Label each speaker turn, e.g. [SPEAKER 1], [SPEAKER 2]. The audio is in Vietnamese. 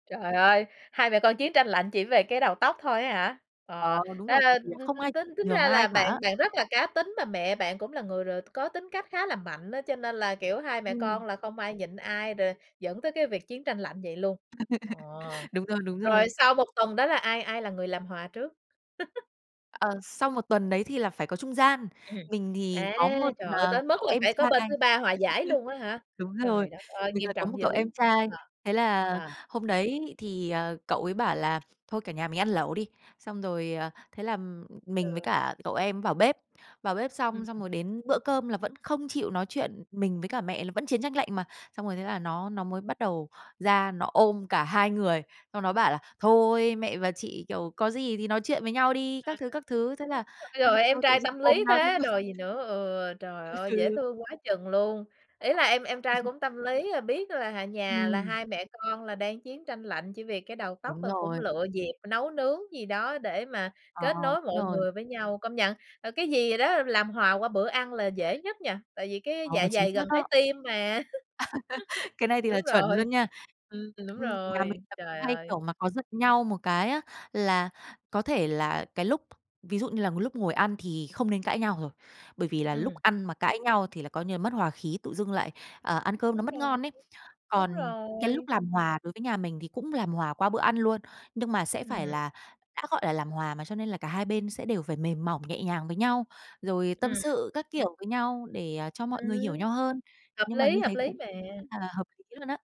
[SPEAKER 1] Trời ơi! Hai mẹ con chiến tranh lạnh chỉ về cái đầu tóc thôi á hả?
[SPEAKER 2] Ờ,
[SPEAKER 1] Ờ,
[SPEAKER 2] đúng
[SPEAKER 1] ra
[SPEAKER 2] rồi, tại
[SPEAKER 1] ra t
[SPEAKER 2] vì là không ai
[SPEAKER 1] t tính
[SPEAKER 2] chịu
[SPEAKER 1] tính
[SPEAKER 2] nhường
[SPEAKER 1] ra
[SPEAKER 2] ai
[SPEAKER 1] là
[SPEAKER 2] cả á.
[SPEAKER 1] bạn bạn rất là cá tính, mà mẹ bạn cũng là người r có tính cách khá là mạnh á, cho nên là, kiểu, hai mẹ
[SPEAKER 2] Ừm.
[SPEAKER 1] con là không ai nhịn ai, rồi dẫn tới cái việc chiến tranh lạnh vậy luôn. Ờ,
[SPEAKER 2] Đúng rồi, đúng rồi.
[SPEAKER 1] rồi sau 1 tuần đó là ai ai là người làm hòa trước?
[SPEAKER 2] Ờ, sau 1 tuần đấy thì là phải có trung gian,
[SPEAKER 1] Ừm.
[SPEAKER 2] mình thì
[SPEAKER 1] À,
[SPEAKER 2] có 1,
[SPEAKER 1] trời ơi!
[SPEAKER 2] ờ,
[SPEAKER 1] Tới mức
[SPEAKER 2] cậu
[SPEAKER 1] là
[SPEAKER 2] em
[SPEAKER 1] phải
[SPEAKER 2] trai.
[SPEAKER 1] có bên thứ ba hòa giải luôn á hả?
[SPEAKER 2] Đúng rồi.
[SPEAKER 1] Trời đất ơi!
[SPEAKER 2] Mình là
[SPEAKER 1] Nghiêm
[SPEAKER 2] có 1
[SPEAKER 1] trọng
[SPEAKER 2] cậu
[SPEAKER 1] dữ,
[SPEAKER 2] em trai.
[SPEAKER 1] ờ,
[SPEAKER 2] Thế là
[SPEAKER 1] ờ.
[SPEAKER 2] hôm đấy thì, ờ, cậu ấy bảo là: "Thôi, cả nhà mình ăn lẩu đi." Xong rồi, à, thế là m mình với
[SPEAKER 1] Ừ.
[SPEAKER 2] cả cậu em ấy vào bếp. Vào bếp xong,
[SPEAKER 1] Ừm.
[SPEAKER 2] xong rồi đến bữa cơm là vẫn không chịu nói chuyện mình với cả mẹ là vẫn chiến tranh lạnh mà. Xong rồi thế là nó nó mới bắt đầu ra, nó ôm cả hai người, xong nó bảo là: "Thôi mẹ và chị, kiểu, có gì thì nói chuyện với nhau đi!"
[SPEAKER 1] À,
[SPEAKER 2] các thứ, các thứ. Thế
[SPEAKER 1] ơ,
[SPEAKER 2] là
[SPEAKER 1] ôi trời
[SPEAKER 2] thế là
[SPEAKER 1] ơi, em
[SPEAKER 2] thôi tự
[SPEAKER 1] trai
[SPEAKER 2] dưng
[SPEAKER 1] tâm
[SPEAKER 2] ôm
[SPEAKER 1] lý
[SPEAKER 2] nhau thôi.
[SPEAKER 1] thế đòi gì nữa! Ừ, trời ơi! Dễ
[SPEAKER 2] Ừ.
[SPEAKER 1] thương quá chừng luôn! Ý là em em trai
[SPEAKER 2] Ừm.
[SPEAKER 1] cũng tâm lý, ờ, biết là, à, nhà là
[SPEAKER 2] Ừm.
[SPEAKER 1] hai mẹ con là đang chiến tranh lạnh, chỉ vì cái đầu tóc
[SPEAKER 2] Đúng
[SPEAKER 1] thôi, và cũng
[SPEAKER 2] rồi.
[SPEAKER 1] lựa dịp nấu nướng gì đó, để mà
[SPEAKER 2] Ờ,
[SPEAKER 1] kết nối
[SPEAKER 2] đúng
[SPEAKER 1] mọi
[SPEAKER 2] rồi.
[SPEAKER 1] người với nhau. Công nhận, là cái gì đó làm hòa qua bữa ăn là dễ nhất nha? Tại vì cái
[SPEAKER 2] Ờ,
[SPEAKER 1] dạ
[SPEAKER 2] chính
[SPEAKER 1] dày gần
[SPEAKER 2] xác
[SPEAKER 1] trái
[SPEAKER 2] đó.
[SPEAKER 1] tim mà.
[SPEAKER 2] Cái này thì là
[SPEAKER 1] Đúng
[SPEAKER 2] chuẩn
[SPEAKER 1] rồi.
[SPEAKER 2] luôn nha.
[SPEAKER 1] Ừm, đúng
[SPEAKER 2] Ừm, nhà
[SPEAKER 1] rồi,
[SPEAKER 2] mình là cũng
[SPEAKER 1] trời
[SPEAKER 2] hay,
[SPEAKER 1] ơi!
[SPEAKER 2] kiểu mà, có giận nhau một cái á, là có thể là cái lúc ví dụ như là m lúc ngồi ăn thì không nên cãi nhau rồi. Bởi vì là lúc
[SPEAKER 1] Ừm.
[SPEAKER 2] ăn mà cãi nhau thì là coi như là mất hòa khí, tự dưng lại, à, ăn cơm nó
[SPEAKER 1] Đúng
[SPEAKER 2] mất
[SPEAKER 1] rồi,
[SPEAKER 2] ngon ấy.
[SPEAKER 1] đúng
[SPEAKER 2] Còn cái
[SPEAKER 1] rồi.
[SPEAKER 2] lúc làm hòa đối với nhà mình thì cũng làm hòa qua bữa ăn luôn. Nhưng mà sẽ phải
[SPEAKER 1] Ừm.
[SPEAKER 2] là đã gọi là làm hòa mà, cho nên là cả hai bên sẽ đều phải mềm mỏng, nhẹ nhàng với nhau, rồi tâm
[SPEAKER 1] Ừm.
[SPEAKER 2] sự các kiểu với nhau, để cho mọi người hiểu
[SPEAKER 1] Ừm.
[SPEAKER 2] nhau hơn.
[SPEAKER 1] Hợp
[SPEAKER 2] Nhưng mà
[SPEAKER 1] lý,
[SPEAKER 2] như
[SPEAKER 1] hợp
[SPEAKER 2] thế
[SPEAKER 1] lý
[SPEAKER 2] cũng
[SPEAKER 1] mà.
[SPEAKER 2] rất là hợp lý luôn á.